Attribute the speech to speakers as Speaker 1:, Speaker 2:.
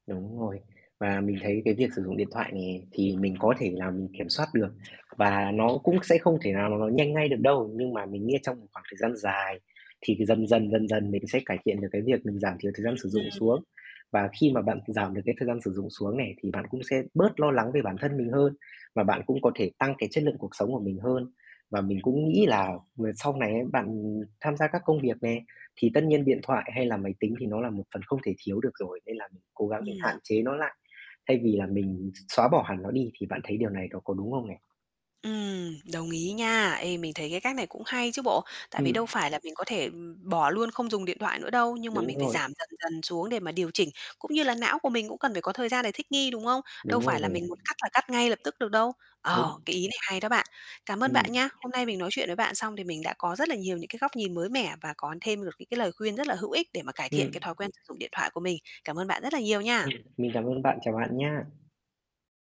Speaker 1: Đúng rồi. Và mình thấy cái việc sử dụng điện thoại nè thì mình có thể là mình kiểm soát được, và nó cũng sẽ không thể nào [unintelligible] nhanh ngay được đâu. Nhưng mà mình nghĩ trong một khoảng thời gian dài thì dần dần, dần dần mình sẽ cải thiện được cái việc mình giảm thiểu thời gian sử dụng xuống.
Speaker 2: Ừm.
Speaker 1: Và khi mà bạn giảm được cái thời gian sử dụng xuống nè, thì bạn cũng sẽ bớt lo lắng về bản thân mình hơn, và bạn cũng có thể tăng cái chất lượng cuộc sống của mình hơn. Và mình cũng nghĩ là
Speaker 2: Ừm.
Speaker 1: m sau này ấy bạn tham gia các công việc nè thì tất nhiên điện thoại hay là máy tính thì nó là một phần không thể thiếu được rồi, nên là mình cố gắng mình hạn
Speaker 2: [unintelligible]
Speaker 1: chế nó lại, thay vì là mình x xóa bỏ hẳn nó đi, thì bạn thấy điều này nó có đúng không nè?
Speaker 2: Ừm, đồng ý nha. Ê, mình thấy cái cách này cũng hay chứ bộ. Tại vì
Speaker 1: Ừm.
Speaker 2: đâu phải là mình có thể, ừm, bỏ luôn không dùng điện thoại nữa đâu, nhưng mà
Speaker 1: Đúng
Speaker 2: mình phải
Speaker 1: rồi.
Speaker 2: giảm dần dần xuống để mà điều chỉnh, cũng như là não của mình cũng cần phải có thời gian để thích nghi, đúng không? Đâu
Speaker 1: Đúng rồi
Speaker 2: phải
Speaker 1: nè.
Speaker 2: là mình muốn cắt là cắt ngay lập tức được đâu.
Speaker 1: Đúng.
Speaker 2: Ờ, cái ý này hay đó bạn. Cảm ơn
Speaker 1: Ừm.
Speaker 2: bạn nha. Hôm nay mình nói chuyện với bạn xong thì mình đã có rất là nhiều những cái góc nhìn mới mẻ và có thêm được những cái lời khuyên rất là hữu ích để mà cải thiện
Speaker 1: Ừm.
Speaker 2: cái thói quen sử dụng điện thoại của mình. Cảm ơn bạn rất là nhiều nha.
Speaker 1: Ừm. Mình cám ơn bạn, chào bạn nhá.